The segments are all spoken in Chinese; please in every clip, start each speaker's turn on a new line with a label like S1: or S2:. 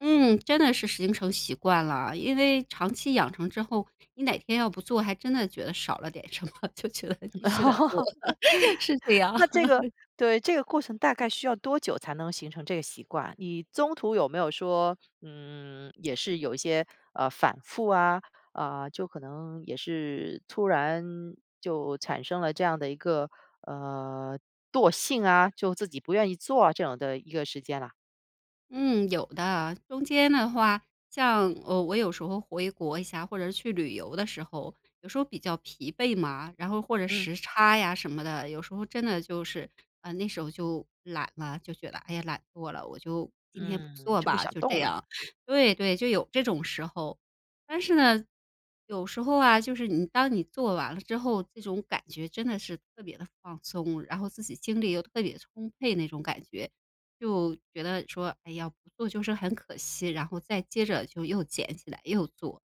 S1: 嗯，真的是形成习惯了，因为长期养成之后，你哪天要不做还真的觉得少了点什么，就觉得
S2: 嗯，
S1: 必须得做，是这样。
S2: 那这个 对，这个过程大概需要多久才能形成这个习惯？你中途有没有说，嗯，也是有一些，呃，反复啊，呃，就可能也是突然就产生了这样的一个，呃，惰性啊，就自己不愿意做啊这样的一个时间啦？
S1: 嗯，有的，中间的话像，呃，我有时候回国一下，或者是去旅游的时候，有时候比较疲惫嘛，然后或者
S2: 嗯。
S1: 时差呀什么的，有时候真的就是，呃，那时候就懒了，就觉得，哎呀懒惰了，我就今天不
S2: 嗯，
S1: 做
S2: 就不
S1: 吧，
S2: 想
S1: 就这
S2: 动了。
S1: 样对对，就有这种时候。但是呢，有时候啊，就是你当你做完了之后，这种感觉真的是特别地放松，然后自己精力又特别充沛那种感觉。就觉得说，哎呀，不做就是很可惜，然后再接着就又捡起来又做。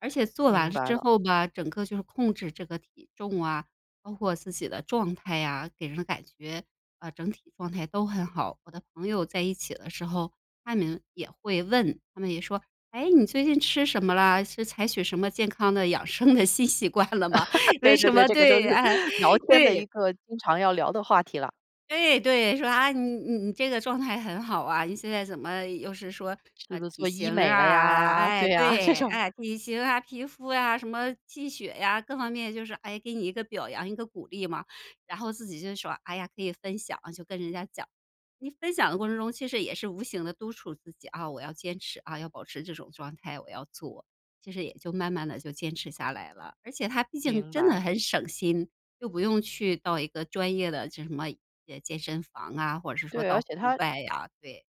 S1: 而且做完
S2: 明
S1: 了
S2: 白
S1: 之
S2: 了。
S1: 后吧，整个就是控制这个体重啊，包括自己的状态啊，给人的感觉，啊，整体状态都很好。我的朋友在一起的时候，她们也会问，她们也说：“诶，你最近吃什么了？是采取什么健康的养生的新习惯了吗？“为
S2: 对
S1: 什
S2: 对对，
S1: 么
S2: 这个就是
S1: 对啊，
S2: 聊天的一
S1: 对。
S2: 个经常要聊的话题啦。
S1: 对对，说：“啊，你你你这个状态很好啊，你现在怎么又是说，
S2: 是
S1: 啊，
S2: 不是
S1: 体
S2: 做医
S1: 型
S2: 美了
S1: 啊
S2: 呀，
S1: 哎，
S2: 对呀，这
S1: 对，
S2: 种。
S1: 哎，体型啊、皮肤啊、什么气血呀，各方面就是，诶，给你一个表扬，一个鼓励嘛。然后自己就说，哎呀，可以分享就跟人家讲。你分享的过程中其实也是无形地督促自己啊，我要坚持，啊，要保持这种状态，我要做。其实也就慢慢地就坚持下来了，而且它毕竟
S2: 明
S1: 真的
S2: 白。
S1: 很省心，又不用去到一个专业的这什么哎健身房啊，或者是说
S2: 对，而
S1: 到户
S2: 且它
S1: 外啊，对。